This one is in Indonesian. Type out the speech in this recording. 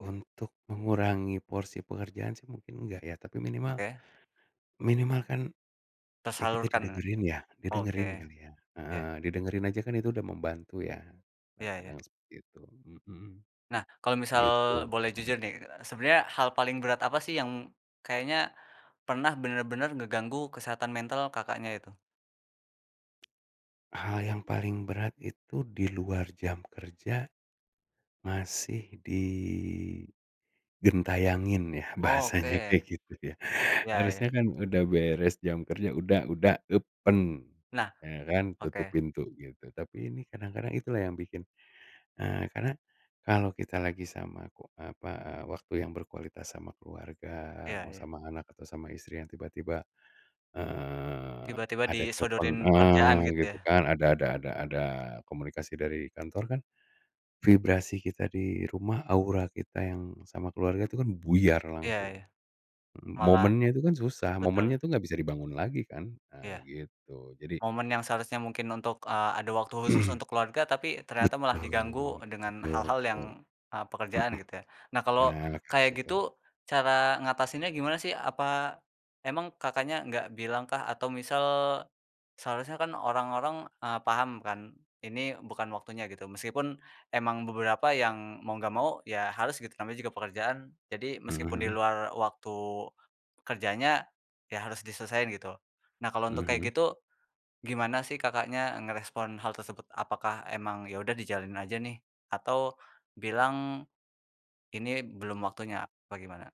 Untuk mengurangi porsi pengerjaan sih mungkin enggak ya, tapi minimal Oke minimal kan, ya kita Tersalurkan, e didengerin ya? oke. Didengerin kali ya. Ya. Heeh, didengerin aja kan itu udah membantu ya, nah Ya ya. kadang seperti itu, mhm. Nah kalau misal Gitu, boleh loh. jujur nih, sebenarnya hal paling berat apa sih yang kayaknya pernah bener-bener ngeganggu kesehatan mental Kakaknya itu? Hal yang paling berat itu di luar jam kerja. Masih digentayangin ya, bahasanya Oke. kayak gitu ya. Ya ya. Harusnya kan udah beres jam kerja udah, udah, yupen. Nah, Ya kan? Tutup oke pintu gitu, tapi ini kadang-kadang itulah yang bikin, eee, karena kalau kita lagi sama w apa, waktu yang berkualitas sama keluarga, Iya, mau ya. sama anak atau sama istri yang tiba-tiba, eee, Tiba-tiba ada telepon, disodorin eee, pekerjaan gitu gitu ya? kan, ada ada ada ada komunikasi dari kantor kan, vibrasi kita di rumah, aura kita yang sama keluarga tuh kan buyar Ya langsung. ya. Malah Momennya itu kan susah, momennya betul. tuh gak bisa dibangun lagi kan. Nah Iya. gitu jadi Momen yang seharusnya mungkin untuk, eee, ada waktu khusus untuk keluarga, tapi ternyata malah Betul, diganggu dengan betul hal hal yang, betul. eee, pekerjaan Mhm. gitu ya. Nah Nah kalau habis kayak itu gitu, cara ngatasinnya gimana sih? Apa, emang Kakaknya gak bilang kah atau misal— seharusnya kan orang-orang, eee, paham kan, ini bukan waktunya gitu, meskipun emang beberapa yang mau gak mau ya harus gitu namanya juga pekerjaan, jadi meskipun di Mhm. luar waktu, kerjanya, ya harus diselesain gitu. Nah kalau untuk kayak Mhm. gitu, gimana sih Kakaknya ngerespon hal tersebut, apakah emang ya udah dijalanin aja nih atau, bilang, "ini belum waktunya," apa gimana?